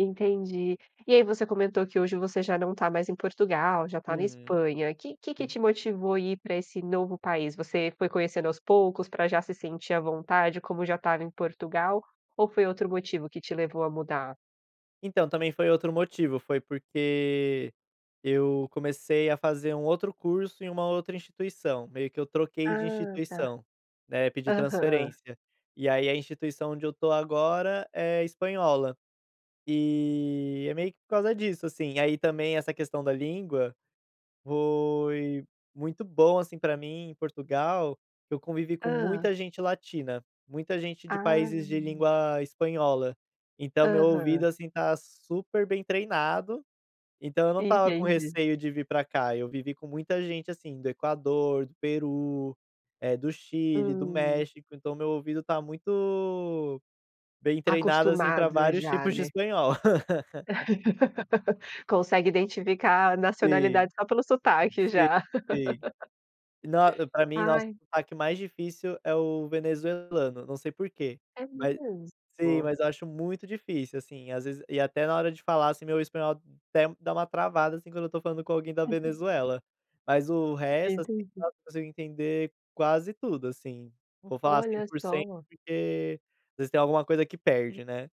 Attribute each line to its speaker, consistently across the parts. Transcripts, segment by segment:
Speaker 1: Entendi. E aí você comentou que hoje você já não está mais em Portugal, já tá na
Speaker 2: Uhum.
Speaker 1: Espanha. Que que
Speaker 2: Sim.
Speaker 1: te motivou a ir para esse novo país? Você foi conhecendo aos poucos, pra já se sentir à vontade, como já estava em Portugal, ou foi outro motivo que te levou a mudar?
Speaker 2: Então, também foi outro motivo, foi porque eu comecei a fazer um outro curso, em uma outra instituição, meio que eu troquei de
Speaker 1: Ah, tá.
Speaker 2: instituição, né, pedi
Speaker 1: Aham.
Speaker 2: transferência, e aí a instituição onde eu estou agora é espanhola. E é meio que por causa disso, assim, aí também essa questão da língua, foi muito bom, assim, pra mim, Portugal, eu convivi com
Speaker 1: Hã.
Speaker 2: muita gente latina, muita gente de países de
Speaker 1: Ah.
Speaker 2: língua espanhola, então o meu ouvido,
Speaker 1: Aham.
Speaker 2: assim, está super bem treinado, então eu não estava com
Speaker 1: Entendi.
Speaker 2: receio de vir pra cá, eu vivi com muita gente, assim, do Equador, do Peru, eh, do Chile, do
Speaker 1: Hum.
Speaker 2: México, então meu ouvido está muito bem treinado, assim, pra
Speaker 1: Acostumado
Speaker 2: vários
Speaker 1: já,
Speaker 2: tipos de
Speaker 1: né.
Speaker 2: espanhol.
Speaker 1: Consegue identificar a
Speaker 2: Sim.
Speaker 1: nacionalidade só pelo sotaque,
Speaker 2: Sim,
Speaker 1: já.
Speaker 2: sim. Nos pra mim, nossa,
Speaker 1: Ai
Speaker 2: é o sotaque mais difícil é o venezuelano, não sei porquê,
Speaker 1: É
Speaker 2: ma sim,
Speaker 1: mesmo?
Speaker 2: mas eu acho muito difícil, assim, às vezes e até na hora de falar, assim, meu espanhol até dá uma travada, assim, quando eu estou falando com alguém da Venezuela, mas o resto assim,
Speaker 1: Entendi.
Speaker 2: nossa, consigo entender quase tudo, assim. Não vou falar cem
Speaker 1: Olha
Speaker 2: por cento
Speaker 1: só!
Speaker 2: porque, às vezes, tem alguma coisa que perde, né.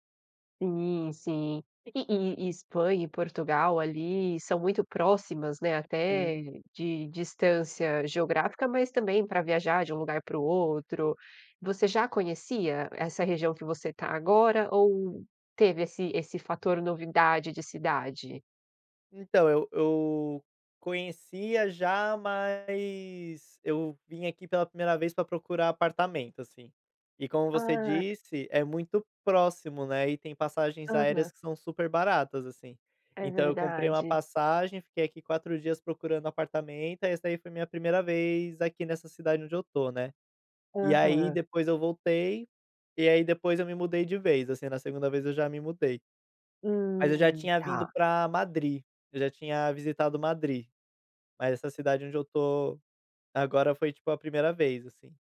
Speaker 1: Sim, sim. E e e Espanha e Portugal ali são muito próximas, né, até
Speaker 2: Uhum.
Speaker 1: de distância geográfica, mas também pra viajar de um lugar para o outro. Você já conhecia essa região que você tá agora ou teve esse esse fator novidade de cidade?
Speaker 2: Então eu eu conhecia já, mas eu vim aqui pela 1ª vez pra procurar apartamento, assim, e como você
Speaker 1: Ah.
Speaker 2: disse, é muito próximo, né, e tem passagens
Speaker 1: Aham.
Speaker 2: aéreas que são super baratas, assim.
Speaker 1: É
Speaker 2: Então eu comprei uma
Speaker 1: verdade.
Speaker 2: passagem, fiquei aqui 4 dias procurando apartamento, aí essa aí foi minha 1ª vez aqui nessa cidade onde eu estou, né. E aí,
Speaker 1: Aham.
Speaker 2: depois eu voltei, e aí depois eu me mudei de vez, assim. Na 2ª vez eu já me mudei. Mas eu já
Speaker 1: Hum,
Speaker 2: tinha vindo
Speaker 1: tá.
Speaker 2: pra Madrid, eu já tinha visitado Madrid. Mas essa cidade onde eu estou agora, foi, tipo, a 1ª vez, assim.